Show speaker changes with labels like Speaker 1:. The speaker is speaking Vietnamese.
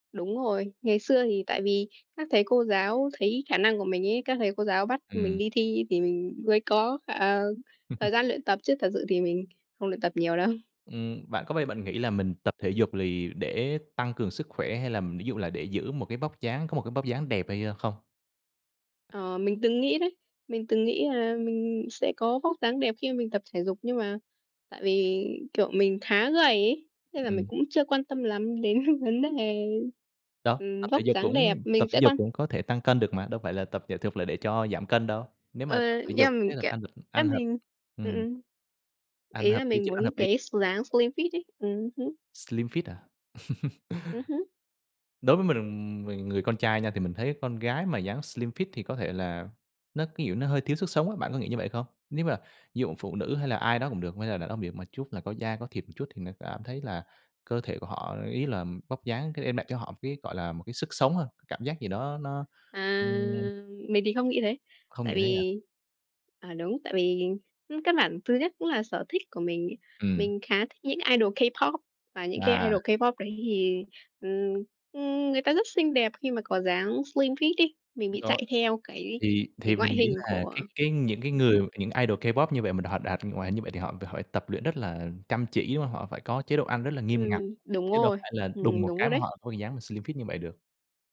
Speaker 1: Đúng rồi. Ngày xưa thì tại vì các thầy cô giáo thấy khả năng của mình ấy, các thầy cô giáo bắt mình
Speaker 2: Ừm.
Speaker 1: đi thi thì mình mới có, ờ, thời gian luyện tập, chứ thật sự thì mình không luyện tập nhiều đâu.
Speaker 2: Ừ, bạn có bao giờ bạn nghĩ là mình tập thể dục lì để tăng cường sức khỏe, hay là ví dụ là để giữ một cái vóc dáng, có một cái vóc dáng đẹp hay, ơ, không?
Speaker 1: Ờ, mình từng nghĩ đấy. Mình từng nghĩ là mình sẽ có vóc dáng đẹp khi mà mình tập thể dục, nhưng mà tại vì, kiểu, mình khá gầy ấy, nên là mình
Speaker 2: Ừm.
Speaker 1: cũng chưa quan tâm lắm đến vấn đề,
Speaker 2: Đâu,
Speaker 1: ừm,
Speaker 2: tập thể
Speaker 1: vóc
Speaker 2: dục
Speaker 1: dáng đẹp.
Speaker 2: cũng tập
Speaker 1: Mình
Speaker 2: thể
Speaker 1: sẽ
Speaker 2: dục
Speaker 1: quan
Speaker 2: cũng có thể tăng cân được mà, đâu phải là tập thể dục là để cho giảm cân đâu? Nếu
Speaker 1: Ờ,
Speaker 2: mà tập thể dục
Speaker 1: yeah, mình
Speaker 2: kết hợp
Speaker 1: kiểu
Speaker 2: ăn
Speaker 1: ơ,
Speaker 2: ăn hợp
Speaker 1: mình ừm,
Speaker 2: ừm.
Speaker 1: ừm.
Speaker 2: Ăn
Speaker 1: Ý
Speaker 2: hợp
Speaker 1: là
Speaker 2: lý
Speaker 1: mình
Speaker 2: chứ, ăn
Speaker 1: muốn
Speaker 2: hợp lý.
Speaker 1: cái s dáng slim fit ấy. Ừm hứm.
Speaker 2: Slim fit à?
Speaker 1: Ừm hứm.
Speaker 2: Đối với mình, mình người con trai nha thì mình thấy con gái mà dáng slim fit thì có thể là nó, cái kiểu, nó hơi thiếu sức sống á. Bạn có nghĩ như vậy không? Nếu mà ví dụ phụ nữ hay là ai đó cũng được hay là đàn ông [unintelligible] một chút là có da có thịt một chút, thì nó cảm thấy là cơ thể của họ ý là vóc dáng sẽ đem lại cho họ một cái, gọi là, một cái sức sống hơn, cảm giác gì đó nó,
Speaker 1: À!
Speaker 2: ừm
Speaker 1: Mình thì không nghĩ thế.
Speaker 2: Không
Speaker 1: Tại
Speaker 2: nghĩ thế à?
Speaker 1: vì à, đúng, tại vì căn bản thứ nhất cũng là sở thích của mình ấy.
Speaker 2: Ừm.
Speaker 1: Mình khá thích những idol K-pop và những cái
Speaker 2: À.
Speaker 1: idol K-pop đấy thì, ừm, ừm, người ta rất xinh đẹp khi mà có dáng slim fit ấy, mình bị
Speaker 2: Đó,
Speaker 1: chạy theo cái
Speaker 2: thì
Speaker 1: cái
Speaker 2: thì
Speaker 1: ngoại
Speaker 2: mình nghĩ
Speaker 1: hình
Speaker 2: là
Speaker 1: của
Speaker 2: cái cái những cái
Speaker 1: ừm
Speaker 2: người,
Speaker 1: hứm.
Speaker 2: những idol K-pop như vậy mà họ đạt ngoài hình như vậy thì họ họ phải tập luyện rất là chăm chỉ, đúng hông? Họ phải có chế độ ăn rất là nghiêm ngặt,
Speaker 1: Ừm, đúng
Speaker 2: chứ đâu
Speaker 1: rồi,
Speaker 2: phải là đùng
Speaker 1: ừm,
Speaker 2: một
Speaker 1: đúng
Speaker 2: cái
Speaker 1: rồi
Speaker 2: mà
Speaker 1: đấy.
Speaker 2: họ có dáng slim fit như vậy được.